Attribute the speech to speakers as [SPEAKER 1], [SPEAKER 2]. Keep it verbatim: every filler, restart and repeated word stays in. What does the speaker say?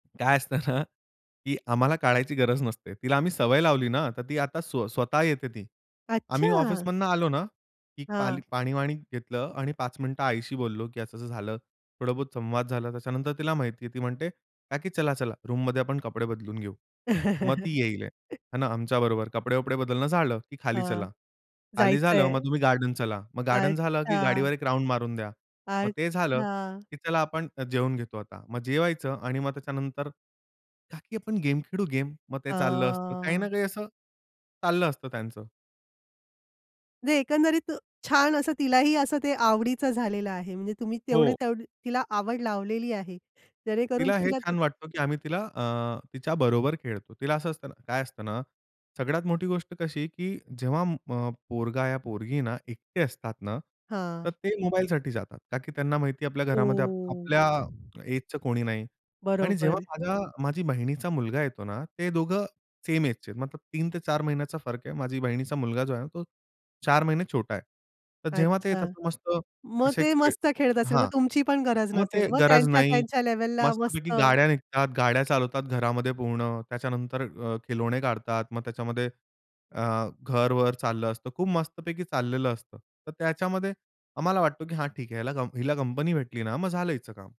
[SPEAKER 1] काय असतं ना, की आम्हाला काढायची गरज नसते. तिला आम्ही सवय लावली ना, तर ती आता स्वतः येते ती. आम्ही
[SPEAKER 2] अच्छा!
[SPEAKER 1] ऑफिसमधनं आलो ना. की
[SPEAKER 2] हां.
[SPEAKER 1] पाली पाणी-वाणी घेतलं आणि पाच मिनिटं आईशी बोललो की असं-असं झालं, थोडा बहुत संवाद झाला त्याच्यानंतर तिला माहिती आहे. ती म्हणते, "काकी चला-चला रूममध्ये आपण कपडे बदलून घेऊ." मग ती येईल. आणि आमच्याबरोबर कपडे-वपडे बदलणं झालं की "खाली
[SPEAKER 2] हां.
[SPEAKER 1] चला." खाली
[SPEAKER 2] जायचं
[SPEAKER 1] झालं मग,
[SPEAKER 2] आहे.
[SPEAKER 1] "तुम्ही गार्डन चला." मग गार्डन झालं की
[SPEAKER 2] अच्छा.
[SPEAKER 1] "गाडीवर एक राउंड मारून द्या." मग ते झालं
[SPEAKER 2] अच्छा.
[SPEAKER 1] की "चला आपण जेवून घेतो आता." मग जेवायचं आणि मग त्याच्यानंतर, "काकी, आपण गेम खेळू गेम." मग ते चाललं असतं. काही ना
[SPEAKER 2] हां.
[SPEAKER 1] काही असं चाललं असतं त्यांचं.
[SPEAKER 2] नाही, एकंदरीत छान असं तिलाही असं ते आवडीचं झालेलं आहे. म्हणजे तुम्ही तेवढे
[SPEAKER 1] हो.
[SPEAKER 2] तेवढे तिला आवड लावलेली आहे. जेणेकरून
[SPEAKER 1] तिला हे
[SPEAKER 2] तिला
[SPEAKER 1] छान वाटतं, की आम्ही तिला अ, तिच्याबरोबर खेळतो. तिला असं असतं ना, काय असतं ना सगळ्यात मोठी गोष्ट कशी की जेव्हा अ, पोरगा या पोरगी ना एकटे असतात ना, तर
[SPEAKER 2] हां.
[SPEAKER 1] ते मोबाईलसाठी जातात. का की त्यांना माहिती आपल्या
[SPEAKER 2] हो.
[SPEAKER 1] घरामध्ये आपल्या एजचं कोणी नाही. आणि जेव्हा
[SPEAKER 2] बरोबर.
[SPEAKER 1] माझ्या माझी बहिणीचा मुलगा येतो ना, ते दोघं सेम एजचे आहेत मतलब तीन ते चार महिन्याचा फरक आहे. माझी बहिणीचा मुलगा जो आहे ना, तो चार महिने छोटा आहे. तर जेव्हा ते
[SPEAKER 2] अच्छा.
[SPEAKER 1] येतात मस्त
[SPEAKER 2] मग
[SPEAKER 1] असे
[SPEAKER 2] ते
[SPEAKER 1] खेळ
[SPEAKER 2] मस्त खेळत असेल. मग
[SPEAKER 1] हां.
[SPEAKER 2] तुमची पण गरज
[SPEAKER 1] मग
[SPEAKER 2] नसेल.
[SPEAKER 1] ते
[SPEAKER 2] मग
[SPEAKER 1] गरज
[SPEAKER 2] त्यांच्या,
[SPEAKER 1] नाही.
[SPEAKER 2] त्यांच्या लेव्हलला
[SPEAKER 1] मस्तपैकी
[SPEAKER 2] मस्त.
[SPEAKER 1] गाड्या निघतात, गाड्या चालवतात घरामध्ये पूर्ण. त्याच्यानंतर खिलौंने काढतात मग त्याच्यामध्ये, अ, घर-वर चाललं असतं. खूप मस्तपैकी चाललेलं असतं. तर त्याच्यामध्ये आम्हाला वाटतो की "हां, ठीक आहे ह्याला हिला कंपनी भेटली ना, मग झालं हिचं काम."